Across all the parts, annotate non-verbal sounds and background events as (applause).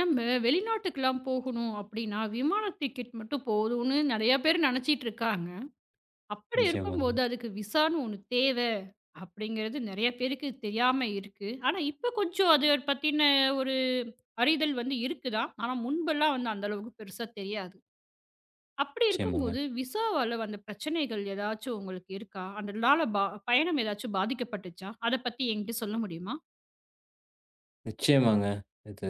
நம்ம வெளிநாட்டுக்கெல்லாம் போகணும் அப்படின்னா விமான டிக்கெட் மட்டும் போதும்னு நெறைய பேர் நினைச்சுட்டு இருக்காங்க. அப்படி நிச்சயமாங்க. இருக்கும்போது அதுக்கு விசான்னு ஒண்ணு தேவை அப்படிங்கிறது நெறைய பேருக்குத் தெரியாம இருக்கு. ஆனா இப்ப கொஞ்சம் அதைப் பத்தின ஒரு அறிதல் வந்து இருக்குதான். ஆனா முன்பெல்லாம் அந்த அளவுக்குப் பெருசா தெரியாது. அப்படி நிச்சயமாங்க. இருக்கும்போது விசாவால வந்து பிரச்சனைகள் எதாச்சும் உங்களுக்கு இருக்கா? அதனால ப பயணம் எதாச்சு பாதிக்கப்பட்டுச்சா? அதைப் பத்தி என்கிட்ட சொல்ல முடியுமா? நிச்சயமாங்க. இது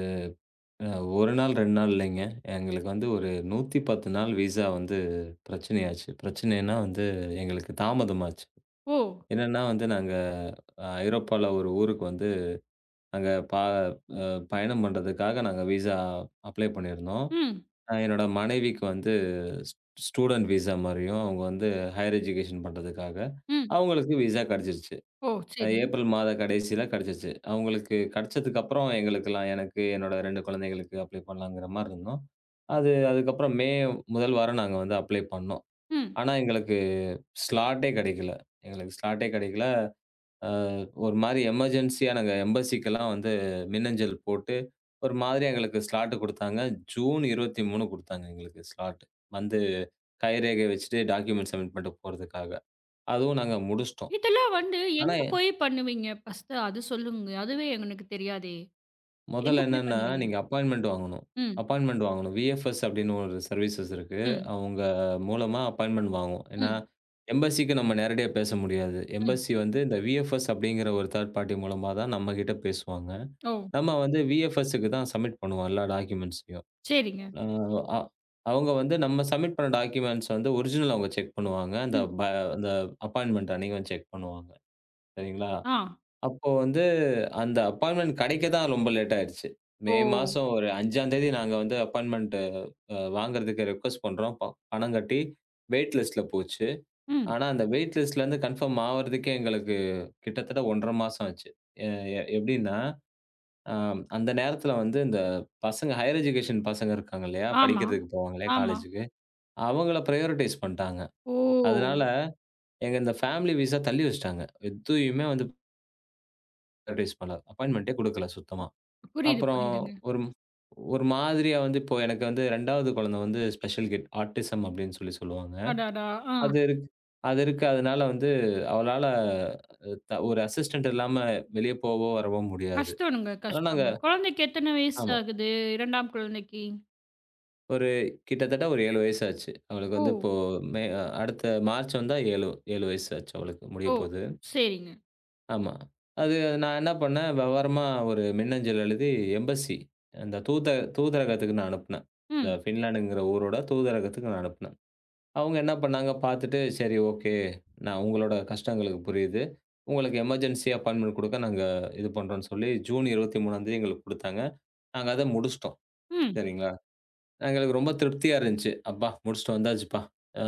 அ 1 நாள், 2 நாள் இல்லைங்க. எங்களுக்கு வந்து ஒரு 110 நாள் விசா வந்து பிரச்சனை ஆச்சு. பிரச்சனை என்ன வந்து எங்களுக்குத் தாமதம் ஆச்சு. ஓ! என்னன்னா வந்து நாங்க ஐரோப்பால ஒரு ஊருக்கு வந்து அங்க ப அ பயணம் பண்றதுக்காக நாங்க விசா அப்ளை பண்ணிருந்தோம். ம். அ என்னோட மனைவிக்கு வந்து ஸ் ஸ்டூடண்ட் விசா மாரியும் அவங்க வந்து ஹையர் எஜுகேஷன் பண்றதுக்காக ம். அவங்களுக்கு விசா கிடைச்சுருச்சு. ஓ சரி. ஏப்ரல் மாத கடைசியில கிடைச்சுச்சு. அவங்களுக்கு கிடைச்சதுக்கு அப்புறம் எங்களுக்கெல்லாம் எனக்கு என்னோட 2 குழந்தைகளுக்கு அப்ளை பண்ணலாங்குற மாரி இருந்தோம். அது அதுக்கப்புறம் மே முதல் வாரம் நாங்க வந்து அப்ளை பண்ணோம். ம். ஆனா எங்களுக்கு ஸ்லாட்டே கிடைக்கல்ல. எங்களுக்கு ஸ்லாட்டே கிடைக்கலை. ஆ ஒரு மாரி எமர்ஜென்சி நாங்க எம்பஸிக்லாம் வந்து மின்னஞ்சல் போட்டு ஒரு மாதிரி எங்களுக்கு ஸ்லாட் குடுத்தாங்க. ஜூன் 23 குடுத்தாங்க, எங்களுக்கு ஸ்லாட் வந்து கைரேகை வச்சுட்டு டாக்குமெண்ட் சப்மிட் பண்ணிட்டு போறதுக்காக. அதுவும் நாங்க முடிச்சிட்டோம். இதெல்லாம் வந்து ஆனா எங்க எ போய் பண்ணுவீங்க ஃபர்ஸ்ட் அது சொல்லுங்க. அதுவே என்னக்கு தெரியாதே. முதல்ல எங்க போய் என்னன்னா, பண்ணுவீங்க? நீங்க அப்பாயின்ட்மெண்ட் வாங்கணும். ம். அப்பாயின்ட்மெண்ட் வாங்கணும். வி.எஃப்.எஸ் அப்படின்னு ஒரு சர்வீசஸ் இருக்கு. ம். அவங்க மூலமா அப்பாயின்ட்மெண்ட் வாங்கும். ஏன்னா ம். எம்பஸிக்கு நாம நேரடியா பேச முடியாது. ம். எம்பஸி வந்து இந்த வி.எஃப்.எஸ் அப்படிங்கற ஒரு தர்ட் பார்ட்டி மூலமா தான் நம்மகிட்ட பேசுவாங்க. ஓ. நாம வந்து வி.எஃப்.எஸ் க்கு தான் சப்மிட் பண்ணுவோம். எல்லா டாக்குமெண்ட்ஸ் சரிங்க. ஆ அவங்க வந்து நம்ம சப்மிட் பண்ண டாக்குமெண்ட்ஸ் ஒரிஜினல் அவங்க செக் பண்ணுவாங்க. அந்த ம். ப் அந்த அப்பாயின்ட்மெண்ட் அன்னைக்கு செக் பண்ணுவாங்க. சரிங்களா? ஆ. அப்போ வந்து அந்த அப்பாயின்ட்மெண்ட் கிடைக்கத்தான் ரொம்ப லேட் ஆயிடுச்சு. மே ஓ. மாசம் ஒரு 5ஆம் தேதி நாங்க வந்து அப்பாயின்ட்மெண்ட் அ வாங்குறதுக்கு ரிக்வெஸ்ட் பண்றோம். பணம் கட்டி வெயிட்லிஸ்ட்ல போச்சு. ம். ஆனா அந்த வெயிட்லிஸ்ட் இருந்து கன்ஃபார்ம் ஆகுறதுக்கு எங்களுக்குக் கிட்டத்தட்ட 1 1/2 மாசம் ஆச்சு. எ எ எப்படின்னா, அந்த நேரத்துல வந்து இந்த பசங்க ஹையர் எஜுகேஷன் பசங்க இருக்காங்க இல்லையா? ஆமா, படிக்கறதுக்கு போவாங்க இல்லையா ஆமா. காலேஜ்க்கு, அவங்கள ப்ரையாரிட்டைஸ் பண்ணிட்டாங்க. அதனால ஓ! எங்க இந்த ஃபேமிலி விசா தள்ளி வச்சிட்டாங்க. எதையுமே வந்து அட்வைஸ் பண்ணாரு. அப்பாயின்மெண்டே கொடுக்கல சுத்தமா. புரியுது, அப்புறம் புரியுதுங்க. ஒரும் ஒரு மாதிரியா வந்து இப்போ எனக்கு வந்து 2 வது குழந்தை வந்து ஸ்பெஷல் கிட் ஆட்டிஸம் அப்பிடின்னு சொல்லி சொல்லுவாங்க. அடடா! ஆ. அது இருக் அது இருக்கு அதனால வந்து அவளால த ஒரு அசிஸ்டெண்ட் இல்லாம வெளிய போவோ! வரவோ! முடியாது. கஷ்டனுங்க, ஆனா நாங்க கஷ்டம். குழந்தைக்கு எத்தன வயசு ஆமா. ஆகுது 2 ஆம் குழந்தைக்கு? ஒரு கிட்டத்தட்ட ஒரு 7 வயசு ஆச்சு. அவளுக்கு வந்து ஓ! இப்போ மே அ அடுத்த மார்ச் வந்தா 7, 7 வயசு ஆச்சு. அவளுக்கு ஓ! முடியப்போது. சரிங்க. ஆமா. அது அ நான் என்ன பண்ணேன். விவரமா ஒரு மின்னஞ்சல் எழுதி எம்ஃபஸி அந்தத் தூத தூதரகத்துக்கு நான் அனுப்புனேன். இந்த ம். பின்லாந்துங்கிற ஊரோட தூதரகத்துக்கு அனுப்புனேன். அவுங்க என்ன பண்ணாங்க. பாத்துட்டு. சரி ஓகே. நான் உங்களோட கஷ்டம் எங்களுக்கு புரியுது. உங்களுக்கு எமெர்ஜென்சியா அப்பாயின்மெண்ட் கொடுக்க நாங்க இது பண்ணுறோன்னு சொல்லி, ஜூன் 23ஆந்தேதி எங்களுக்குக் கொடுத்தாங்க. நாங்க அத முடிச்சிட்டோம். ம். சரிங்களா! அ எங்களுக்கு ரொம்ப திருப்தியா இருந்துச்சு. அப்பா! முடிச்சுட்டு வந்தாச்சுப்பா! ஆ,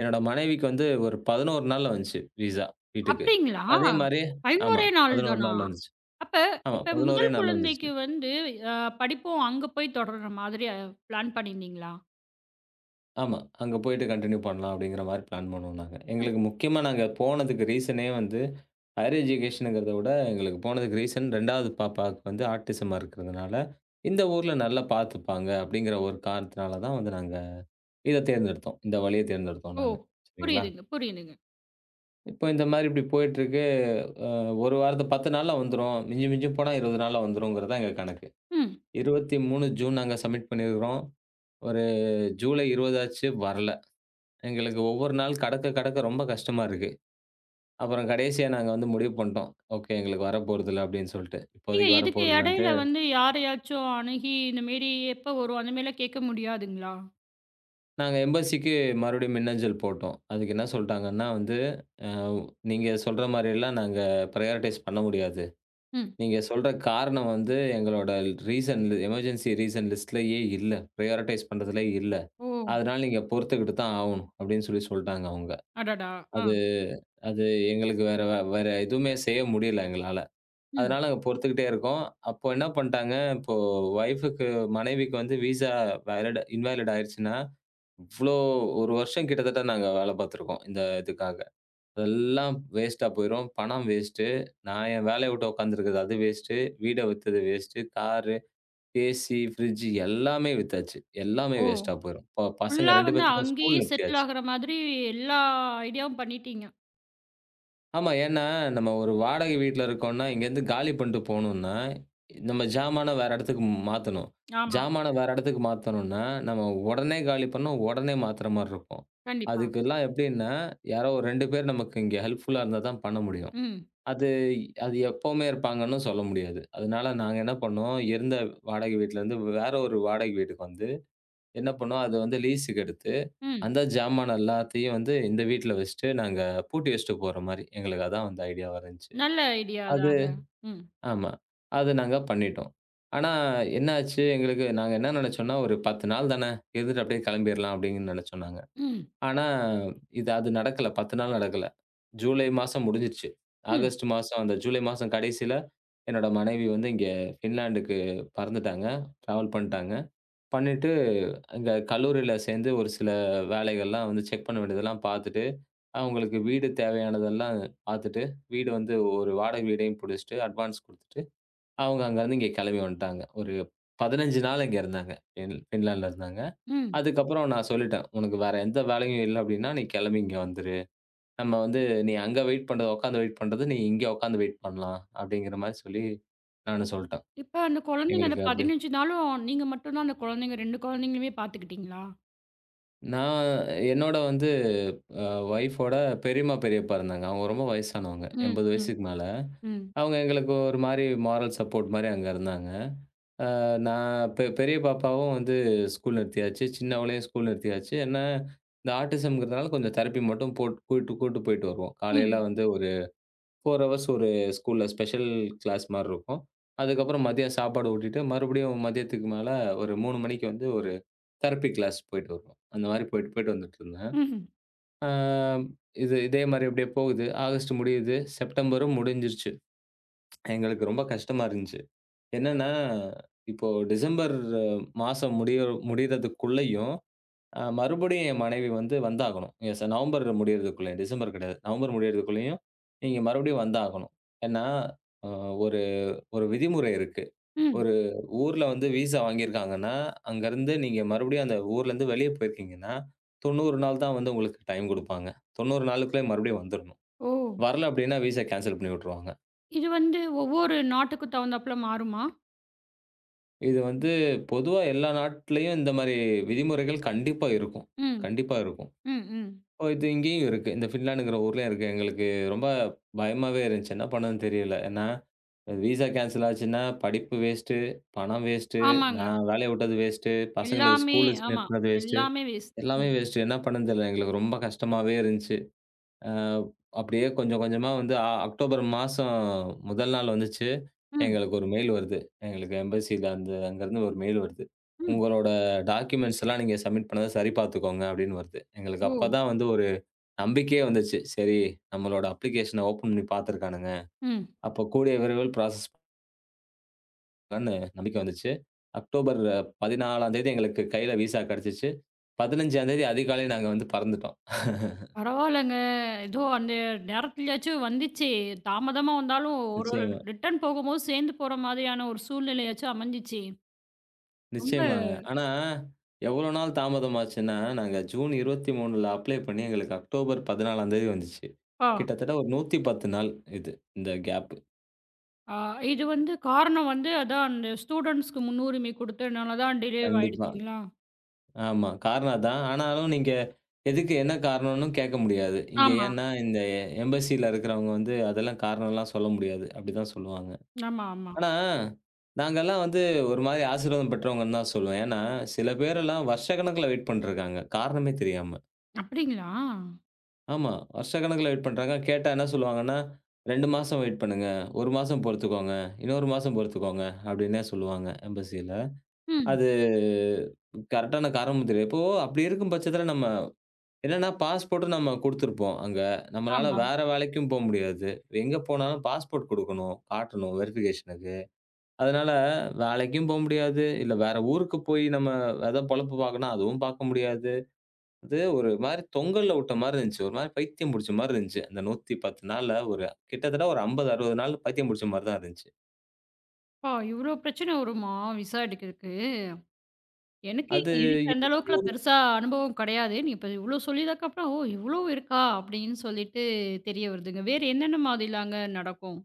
என்னோட மனைவிக்கு வந்து ஒரு 11 நாள்ல வந்துச்சு விசா வீட்டுக்கு. அப்பிடிங்களா? அதே மாரி ஆமா. 11 ஏ நாள் 11 தானா? நாள்ல வந்துச்சு. அப்ப ஆமா. இப்ப 11 ரே முதல் நாள்ல வந்துச்சு. குழந்தைக்கு வந்து அ படிப்பும் அங்க போய் தொடர்ற மாதிரி பிளான் பண்ணிருந்தீங்களா? ஆமா. அங்க போயிட்டு கன்டினியூ பண்லாம் அப்பிடிங்கறமாரி பிளான் பண்ணோம் நாங்க. ம். எங்களுக்கு முக்கியமா நாங்க போனதுக்கு ரீசனே வந்து ஹையர் எஜிகேஷன்ங்கிறத விட எங்களுக்கு போனதுக்கு ரீசன் 2 வது பாப்பாவுக்கு ஆட்டிஸமா இருக்குறதுனால, இந்த ஊர்ல நல்லா பாத்துப்பாங்க அப்பிடிங்கற ஒரு காரணத்தால தான் நாங்க இத தேர்ந்தெடுத்தோம். இந்த வழிய தேர்ந்தெடுத்தோம் ஓ! நாங்க. சரிங்களா! புரியுதுங்க, புரியுதுங்க. இப்போ இந்த மாதிரி இப்படி போயிட்டு இருக்கு. 1 வாரத்துல 10 நாள்ல வந்துரும். மிஞ்சும் மிஞ்சும் போனா 20 நாள்ல வந்துரும்ங்கறதுதான் எங்க கணக்கு. ம். 23 ஜூன் நாங்க சப்மிட் பண்ணி இருக்கிறோம். ஒரு ஜூலை 20 ஆச்சு வரல. எங்களுக்கு ஒவ்வொரு நாள் கடக்கக் கடக்க ரொம்ப கஷ்டமா இருக்கு. அப்புறம் கடைசியா நாங்க வந்து முடிவு பண்ணிட்டோம். ஓகே. எங்களுக்கு வரப்போறதில்ல அப்படின்னு சொல்லிட்டு. நீங்க இப்போதைக்கு இதுக்கு வரப்போறது இல்லன்னுட்டு இடையில வந்து யாரையாச்சும் அணுகி இந்த மாதிரி எப்ப வரும் அந்த மேல கேட்க முடியாதுங்களா? நாங்க எம்பசிக்கு மறுபடியும் மின்னஞ்சல் போட்டோம். அதுக்கு என்ன சொல்லிட்டாங்கன்னா வந்து, அ நீங்கச் சொல்ற மாதிரி எல்லாம் நாங்க ப்ரியாரடைஸ் பண்ண முடியாது. ம். நீங்கச் சொல்ற காரணம் வந்து எங்களோட ரீசன் எமெர்ஜின்சி ரீசன் லிஸ்ட்லயே இல்ல. ப்ரியாரடைஸ் பண்றது இல்லை. ஓ. அதனால நீங்கப் பொறுத்துக்கிட்டு தான் ஆகணும். அப்படின்னு சொல்லிச் சொல்லிட்டாங்க அவங்க. அடடா. அது ஆ. அது எங்களுக்கு வேற வேற எதுவுமே செய்ய முடியல எங்களால. ம். அதனால பொறுத்துக்கிட்டே இருக்கோம். அப்ப என்ன பண்ணிட்டாங்க. இப்போ வைஃப்க்கு மனைவிக்கு வந்து விசா இன்வேலிட் ஆயிடுச்சுன்னா, இவ்ளோ ஒரு வருஷம் கிட்டத்தட்ட நாங்க வேலை பாத்துட்டு இருக்கோம். இந்த இதுக்காக. எல்லாம் வேஸ்ட்டா போயிரும். பணம் வேஸ்ட்டு. நான் என் வேலையை விட்டுக் உக்காந்துருக்குறது வேஸ்ட்டு. வீட்டை வித்தது வேஸ்ட்டு கார், ஏசி, ஃப்ரிட்ஜ் எல்லாமே வித்தாச்சு. எல்லாமே ஓ. வேஸ்ட்டா போயிரும். பசங்க ஃபுல்லா 2 வந்து பேத்துக்கும் அங்கேயே ஸ்கூல் நிறுத்தி செட்டில் ஆச்சு. ஆகுற மாதிரி எல்லா ஐடியாவும் பண்ணிட்டீங்க. ஆமா. ஏன் என்றால் நம்ம ஒரு வாடகை வீட்டில் இருக்கிறோம் என்றால் இங்கிருந்து காலி பண்ணிவிட்டு போகவேண்டும் என்றால், நம்ம ஜாமானை வேறு இடத்திற்கு மாற்றவேண்டும். ஆமா. ஜாமானை வேறு இடத்திற்கு மாற்றவேண்டும் என்றால், நம்ம உடனே காலி பண்ணினால், உடனே மாத்துகிற மாதிரி இருக்கும். கண்டிப்பா. அதுக்கெல்லாம் எப்படினா யாரோ 2 பேர் நமக்கு இங்க ஹெல்ப்புல் இருந்தால் தான் பண்ண முடியும். ம். அது அது எப்பவுமே இருப்பாங்க என்று சொல்ல முடியாது. அதனால் நாங்க என்ன பண்ணோம். இருந்த வாடகை வீட்டில் இருந்து வேறு ஒரு வாடகை வீட்டுக்கு வந்து என்ன பண்ணோம். அதை வந்து லீஸ்க்கு எடுத்து ம். அந்தச் ஜாமானை எல்லாத்தையும் வந்து இந்த வீட்டில் வைத்துவிட்டு நாங்க பூட்டி வைத்துவிட்டு போகிற மாதிரி. எங்களுக்கு அதுதான் வந்து ஐடியா வாக இருந்தது. நல்ல ஐடியா அது தாங்க. ம். ஆமா. அது நாங்க பண்ணிவிட்டோம். ஆனா என்ன ஆச்சு எங்களுக்கு நாங்க என்ன நினைத்தோம் என்றால் ஒரு 10 நாள் தானே இருந்துவிட்டு அப்படியே கிளம்பிடலாம் அப்படி என்று நினைத்தோம் நாங்க. ம். ஆனா இது அது நடக்கவில்லை. 10 நாள் நடக்கவில்லை. ஜூலை மாதம் முடிந்துவிட்டது. ம். ஆகஸ்ட் மாசம் அந்த ஜூலை மாதம் கடைசியில் என்னோட மனைவி வந்து இங்க பின்லாந்துக்கு பறந்துவிட்டாங்க. டிராவல் பண்ணிவிட்டாங்க. பண்ணிவிட்டு அங்க கல்லூரியில் சேர்ந்து ஒரு சில வேலைகள் எல்லாம் வந்து செக் பண்ண வேண்டியதெல்லாம் பார்த்துவிட்டு, அவங்களுக்கு வீடு தேவையானது எல்லாம் பார்த்துவிட்டு, வீடு வந்து ஒரு வாடகை வீட்டையும் பிடித்துவிட்டு அட்வான்ஸ் கொடுத்துவிட்டு அவங்க அங்க இருந்து இங்கே கிளம்பி வந்துவிட்டாங்க. ஒரு 15 நாள் இங்கே இருந்தாங்க. பின் பின்லாந்தில் இருந்தாங்க. ம். அதுக்கப்புறம் நான் சொல்லிவிட்டேன். உனக்கு வேறு எந்த வேலையும் இல்லை அப்படி என்றால், நீ கிளம்பி இங்கே வந்துவிடு. நம்ம வந்து நீ அங்கே வெயிட் பண்ற, உட்கார்ந்து வெயிட் பண்றதை நீ இங்கே உட்கார்ந்து வெயிட் பண்ணலாம் அப்படி என்கிற மாதிரி சொல்லி நானும் சொல்லிவிட்டேன். இப்ப அந்தக் குழந்தைங்க அந்த எங்களுக்கு அப்படியே 15 நாளும் நீங்க மட்டும் தான் அந்தக் குழந்தைங்க, 2 குழந்தைங்களையுமே பார்த்துக்கொண்டீர்களா? நான் என்னோட வந்து அ வொய்ஃப் ஓட பெரியம்மா, பெரியப்பா இருந்தாங்க. அவங்க ரொம்ப வயசானவங்க. ம், 80 ம், வயசுக்கு மேல. ம். அவங்க எங்களுக்கு ஒரு மாரி மாரல் சப்போர்ட் மாரி அங்க இருந்தாங்க. ஆ நான் பெ பெரிய பாப்பாவும் வந்து ஸ்கூல் நிறுத்தியாச்சு. சின்னவளையும் ஸ்கூல் நிறுத்தியாச்சு. ஏன்னா இந்த ஆட்டிஸம்ங்குறதால கொஞ்சம் தெரப்பி மட்டும் போட்டு, கூட்டு கூட்டு போயிட்டு வருவோம். காலையெல்லாம் ம். வந்து ஒரு 4 ஹவர்ஸ் ஒரு ஸ்கூல் ஸ்பெஷல் கிளாஸ் மாரி இருக்கும். அதுக்கப்புறம் மதியம் சாப்பாடு ஊட்டிட்டு மறுபடியும் மதியத்துக்கு மேல ஒரு 3 மணிக்கு வந்து ஒரு தெரப்பி கிளாஸ் போயிட்டு வருவோம். அந்த மாரி போயிட்டு போயிட்டு வந்துட்டு இருந்தேன். ம்ஹ்ம். ஆ இது இதே மாரி அப்டியே போகுது. ஆகஸ்ட் முடியுது. செப்டெம்பரும் முடிஞ்சிருச்சு. (tsk) எங்களுக்கு ரொம்ப கஷ்டமா இருந்துச்சு. என்னன்னா, இப்போ டிசம்பர் மாசம் முடி முடியறதுக்குள்ளயும் அ மறுபடியும் என் மனைவி வந்து வந்தாகணும். எஸ் நவம்பர் முடியறதுக்குள்ள, டிசம்பர் கிடையாது. நவம்பர் முடியறதுக்குள்ளயும் நீங்க மறுபடியும் வந்தாகணும். ஏன்னா ஒரு ஒரு அ விதிமுறை இருக்கு. ம். ஒரு ஊர்ல வந்து விஸா வாங்கிருக்காங்கன்னா அங்க இருந்து நீங்க மறுபடியும் அந்த ஊர்ல இருந்து வெளியே போயிருக்கீங்கன்னா, 90 நாள் தான் வந்து உங்களுக்கு டைம் குடுப்பாங்க. 90 நாளுக்குள்ளே மறுபடியும் வந்திரணும். ஓ. வரல அப்டின்னா விஸா கேன்ஸல் பண்ணிவுட்டுருவாங்க. இது வந்து ஒவ்வொரு நாட்டுக்கு தகுந்தாப்புல மாறுமா? இது வந்து பொதுவா எல்லா நாட்டுலயும் இந்த மாதிரி விதிமுறைகள் கண்டிப்பா இருக்கும், ம். கண்டிப்பா இருக்கும். ம். ம். ஓ. இது இங்கயும் இருக்கு. இந்த பின்லேண்ட்ங்கிற ஊர்லயும் இருக்கு. எங்களுக்கு ரொம்ப பயமாவே இருந்துச்சு. என்ன பண்ணணும்னு தெரியல. ஏன்னா விசா கேன்சல் ஆச்சுன்னா, படிப்பு வேஸ்ட். பணம் வேஸ்ட். ஆமாங்க. நான் வேலையை விட்டது வேஸ்ட். பசங்களுக்கு எல்லாமே ஸ்கூல் ஆமா. நிறுத்துனது வேஸ்ட். எல்லாமே வேஸ்ட் எல்லாமே ம். வேஸ்ட். என்ன பண்ணணும்னு தெரியல. எங்களுக்கு ரொம்ப கஷ்டமாவே இருந்துச்சு. ஆ. அப்படியே கொஞ்சம் கொஞ்சமா வந்து அ அக்டோபர் மாசம் முதல் நாள் வந்துச்சு. ம். எங்களுக்கு ஒரு மெயில் வருது. எங்களுக்கு எம்பஸில இருந்து, அங்க இருந்து ஒரு மெயில் வருது. ம். உங்களோட டாக்குமெண்ட்ஸ் எல்லாம் நீங்க சப்மிட் பண்ணத சரி பார்த்துக்கோங்க அப்படின்னு வருது. எங்களுக்கு ஓ. அப்பதான் வந்து ஒரு நம்பிக்கையே வந்துச்சு. சரி, நம்மளோட அப்ளிகேஷன ஓப்பன் பண்ணி பாத்துருக்கானுங்க. ம். அப்பக் கூடிய விரைவில் பிராஸஸ் பண்ணேன்னு நம்பிக்கை வந்துச்சு. அக்டோபர் 14ம் தேதி எங்களுக்குக் கையில விசா கிடைச்சுச்சு. 15ம் தேதி அதிகாலை நாங்க வந்து பறந்துட்டோம். (laughs) பரவால்லங்க. எதோ அந்த நேரத்துலயாச்சும் வந்துச்சே. தாமதமா வந்தாலும் ஒரு நிச்சயமா. ரிட்டர்ன் போகும்போது, சேர்ந்து போற மாதிரியான ஒரு சூழ்நிலையாச்சு அமைஞ்சிச்சே. ரொம்ப நிச்சயமாங்க. ஆனா எவ்வளவு நாள் தாமதமாச்சுன்னா, நாங்க ஜூன் 23ல அப்ளை பண்ணி எங்களுக்கு அக்டோபர் 14ம் தேதி வந்துச்சு. ஆ. கிட்டத்தட்ட ஒரு 110 நாள் இது. இந்த கேப். ஆ. இது வந்து காரணம் வந்து அதான் அந்த ஸ்டூடென்ட்ஸ்க்கு முன்னுரிமை கொடுத்ததுனால தான் டிலேவா கண்டிப்பா. ஆயிடுச்சுங்களா? ஆமா. காரணம்தான். ஆனாலும் நீங்க எதுக்கு என்ன காரணன்னு கேட்க முடியாது. இங்க ஆமா. ஏன்னா இந்த எம்பஸில இருக்கிறவுங்க வந்து அதெல்லாம் காரணம் எல்லாம் சொல்ல முடியாது. அப்பிடிதான் சொல்லுவாங்க. (lip trill) ஆமா, ஆமா. ஆனா நாங்கள்லாம் வந்து ஒரு மாதிரி ஆசீர்வாதம் பெற்றவங்கன்னுதான் சொல்லுவேன். ஏன்னா சில பேர் எல்லாம் வருஷக்கணக்குல வெயிட் பண்ணிட்டு இருக்காங்க. காரணமே தெரியாம. அப்பிடிங்களா? ஆமா. வருஷக்கணக்குல வெயிட் பண்றாங்க. கேட்டா என்ன சொல்லுவாங்கன்னா, 2 மாசம் வெயிட் பண்ணுங்க. 1 மாசம் பொறுத்துக்கோங்க. இன்னொரு மாசம் பொறுத்துக்கோங்க அப்பிடின்னே சொல்லுவாங்க எம்பஸில ம். அது கரெக்டான காரணமும் தெரியல. இப்போ அப்பிடி இருக்கும் பட்சத்தில நம்ம என்னன்னா பாஸ்போர்ட் நம்ம குடுத்திருப்போம் அங்க. நம்மளால ஆமா. வேற வேலைக்கும் போ முடியாது. எங்க போனாலும் பாஸ்போர்ட் கொடுக்கணும். காட்டணும் வெரிஃபிகேஷனுக்கு அதனால வேலைக்கும் போ முடியாது. இல்ல, வேற ஊருக்குப் போய் நம்ம எதோ பொழப்பு பாக்கனா அதுவும் பார்க்க முடியாது. அது ஒரு மாதிரி தொங்கல்ல விட்டமாரி இருந்துச்சு. ஒருமா பைத்தியம் புடிச்சமாரி இருந்துச்சு. அந்த 110 நாள்ல ஒரு கிட்டத்தட்ட ஒரு 50, 60 நாள் பைத்தியம் பிடிச்சமாரிதான் இருந்துச்சு. ஓ! இவ்ளோ பிரச்சனை வருமா விசா எடுக்கறக்கு? எனக்கு அது இதுக்கு அந்த அளவுக்குப் (unintelligible) பெருசா அனுபவம் கிடையாது. இப்ப இவ்ளோ சொல்லி அதுக்கப்புறம் இவ்ளோ இருக்கா அப்படின்னு சொல்லிட்டு தெரிய வருதுங்க. வேறு என்னென்ன மாதிரியெல்லாம் நடக்கும்?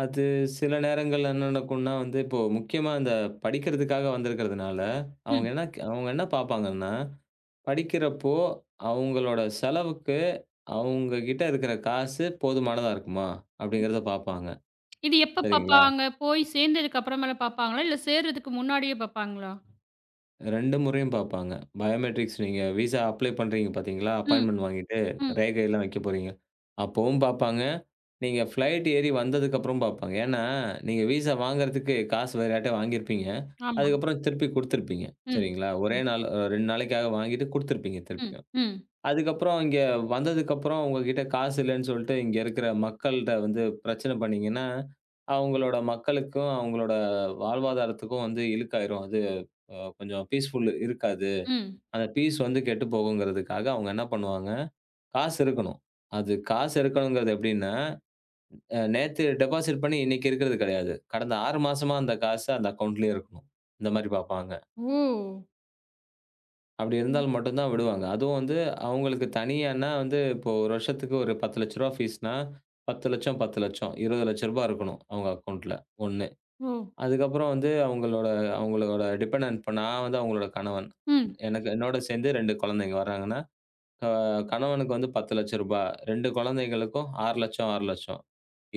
அது சில நேரங்கள்ல என்ன நடக்கும்னா வந்து, இப்போ முக்கியமா அந்தப் படிக்கிறதுக்காக வந்திருக்கிறதுனால அவங்க ம். என்ன அவங்க என்ன பார்ப்பாங்கன்னா, படிக்கிறப்போ அவங்களோட செலவுக்கு அவங்க கிட்ட இருக்கிற காசு போதுமானதா இருக்குமா அப்படிங்கிறத பார்ப்பாங்க. இது எப்ப சரிங்களா? பாப்பாங்க? போய்ச் சேர்ந்ததுக்கு அப்புறம்மேல பாப்பாங்களா இல்ல சேர்றதுக்கு முன்னாடியே பாப்பாங்களா? 2 முறையும் பார்ப்பாங்க. பயோமெட்ரிக்ஸ் நீங்க விசா அப்ளை பண்றீங்க பாத்தீங்களா, ம், அப்பாய்ண்ட்மென்ட் வாங்கிட்டு ம். ரேகை எல்லாம் வெக்கப்போறீங்க. அப்பவும் பார்ப்பாங்க. நீங்க பிளைட் ஏறி வந்ததுக்கு அப்புறம் பார்ப்பாங்க. ஏன்னா, நீங்க விசா வாங்குறதுக்கு காசு வேற யார்ட்டியா வாங்கியிருப்பீங்க. ஆமா. அதுக்கப்புறம் திருப்பிக் குடுத்திருப்பீங்க. ம், சரிங்களா. ஒரே ம். நாள் அ 2 நாளைக்காக வாங்கிட்டு குடுத்திருப்பீங்க ம், திருப்பியும். ம். அதுக்கப்புறம் இங்க வந்ததுக்கப்புறம் உங்ககிட்ட காசு இல்லைன்னு சொல்ட்டு இங்க இருக்கிற மக்கள்கிட்ட வந்து பிரச்சனை பண்ணீங்கன்னா, அவங்களோட மக்களுக்கும், அவங்களோட வாழ்வாதாரத்துக்கும் வந்து இழுக்காயிரும் அது கொஞ்சம் பீஸ்ஃபுல் இருக்காது. ம். அந்த பீஸ் வந்து கெட்டுப் போகும்ங்கறதுக்காக அவங்க என்ன பண்ணுவாங்க, காசு இருக்கணும். அது காசு இருக்கணும்கிறது எப்படின்னா, அ நேத்து டெபாசிட் பண்ணி இன்னைக்கு இருக்கிறது கிடையாது. கடந்த 6 மாசமா அந்தக் காசு அந்த அக்கவுண்ட்லயே இருக்கணும். இந்த மாரி பார்ப்பாங்க. ஓ! அப்டி ம். இருந்தால் மட்டும்தான் விடுவாங்க. அதுவும் வந்து அவங்களுக்கு தனியான்னா வந்து இப்போ 1 வருஷத்துக்கு ஒரு ரூ. 10,000,00 ரூவா பீஸ்ன்னா ரூ. 10,000,00 ரூ. 10,000,00, ரூ. 20,000,00 ரூபாய் இருக்கணும் அவங்க அக்கவுண்டன்ட்ல ஒண்ணு. ஓ! அதுக்க ப்புறம் வந்து அவங்களோட அவங்களோட டிபென்டெனட் நான் வந்து அவங்களோட கணவன். ம். எனக்கு என்னோட சேர்ந்து 2 குழந்தைங்க வராங்கன்னா, அ கணவனுக்கு வந்து ரூ. 10,000,00 ரூபா. 2 குழந்தைகளுக்கும் ரூ. 6,00,000 ரூ. 6,000,00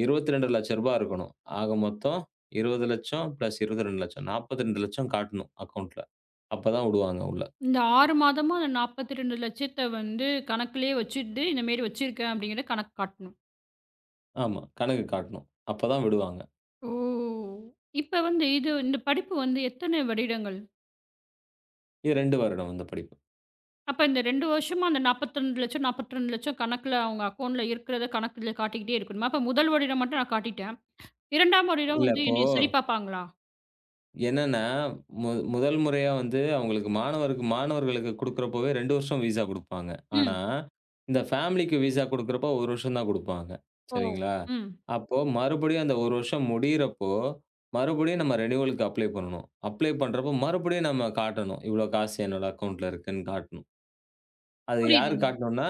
ரூ. 22,00,000 ரூபா இருக்கணும். ஆக மொத்தம் ரூ. 20,00,000 பிளஸ் ரூ. 22,00,000 ரூ. 42,000,00 காட்டணும் அக்கவுண்டன்ட்ல அப்பதான் விடுவாங்க உள்ள. இந்த 6 மாதமா இந்த ரூ. 42,00,000 வந்து கணக்குலயே வச்சிட்டு இந்த மேரி வச்சிருக்கேன் அப்டிங்கற கணக்கு காட்டணும். ஆமா. கணக்கு காட்டணும். அப்பதான் விடுவாங்க. ஓ! இப்ப வந்து இது இந்தப் படிப்பு வந்து எத்தனை வருடங்கள் இ 2 வருடம் இந்த படிப்பு. அப்ப இந்த 2 வருஷமா அந்த ரூ. 42,00,000, ரூ. 42,00,000 கணக்குல அவங்க அக்கவுண்ட் இருக்கறத கணக்குல காட்டிக்கிட்டே இருக்கணும். அப்ப 1 வருடம் மட்டும் நான் காட்டிட்டேன். (inhales) 2ஆம் வருடம் இல்ல, வந்து இப்போ என்னைச் சரி பாப்பாங்களா? என்னன்னா, மு முதல் முறையா வந்து அவங்களுக்கு மாணவருக்கு, மாணவர்களுக்குக் குடுக்கிறப்பவே 2 வருஷம் விஸா குடுப்பாங்க. ஆனா ம். இந்த ஃபேமிலிக்கு விஸா குடுக்கிறப்ப 1 வருஷம் தான் குடுப்பாங்க. ஓ! சரிங்களா? ம். அப்போ மறுபடியும் அந்த 1 வருஷம் முடியறப்போ மறுபடியும் நம்ம ரெனிவலுக்கு அப்ளை பண்ணணும். அப்ளை பண்றப்போ மறுபடியும் நாம காட்டணும். இவ்வளோ காசு என்னோட அக்கவுண்டன்ட்ல இருக்குன்னு காட்டணும். அத யாருக்கு புரியுதுங்க. காட்டணுனா,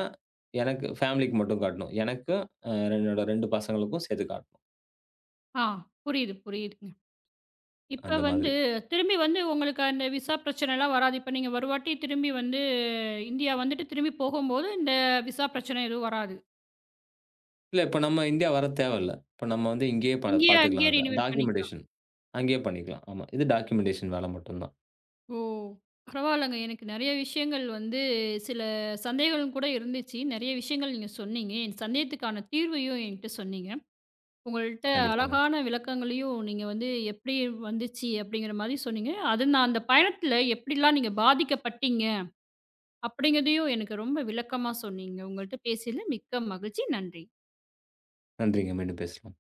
எனக்கு ஃபேமிலிக்கு மட்டும் காட்டணும். எனக்கும் அ என்னோட 2 பசங்களுக்கும் சேர்த்து காட்டணும். ஆ. புரியுது. புரியுதுங்க. இப்ப அந்த வந்து மாதிரி. திரும்பி வந்து உங்களுக்கு அந்த விஸா பிரச்சனைலாம் வராது. இப்ப நீங்க ஒரு வாட்டித் திரும்பி வந்து இந்தியா வந்துட்டு திரும்பி போகும்போது இந்த விஸா பிரச்சனை எதுவும் வராது. இல்ல, இப்ப நம்ம இந்தியா வரத் தேவயில்ல. இப்ப நம்ம வந்து இங்கேயே பா இங்கயே பார்த்துக்கலாம் அங்கயே அதே. ரெனிவல் பண்ணிக்கலாம். டாக்குமெண்டேஷன் அங்கேயே பண்ணிக்கலாம் ஆமா. இது டாக்குமெண்டேஷன் வேல மட்டும்தான். ஓ! பரவால்லங்க. எனக்கு நெறைய விஷயங்கள் வந்து சில சந்தேகங்கள் கூட இருந்துச்சு. நெறைய விஷயங்கள் நீங்கச் சொன்னீங்க. என் சந்தேகத்துக்கான தீர்வையும் என்கிட்ட சொன்னீங்க. உங்கள்ட்ட (smacks lips) கண்டிப்பாங்க. அழகான விளக்கங்களையும் நீங்க வந்து எப்படி வந்துச்சு அப்டிங்கற மாரி சொன்னீங்க. அது நான் அந்தப் பயணத்துல எப்டிலாம் நீங்கப் பாதிக்கப்பட்டீங்க அப்டிங்கறதையும் எனக்கு ரொம்ப விளக்கமா சொன்னீங்க. உங்கள்ட்ட பேசியதுல மிக்க மகிழ்ச்சி. நன்றி. நன்றிங்க, மீண்டும் பேசவோம்.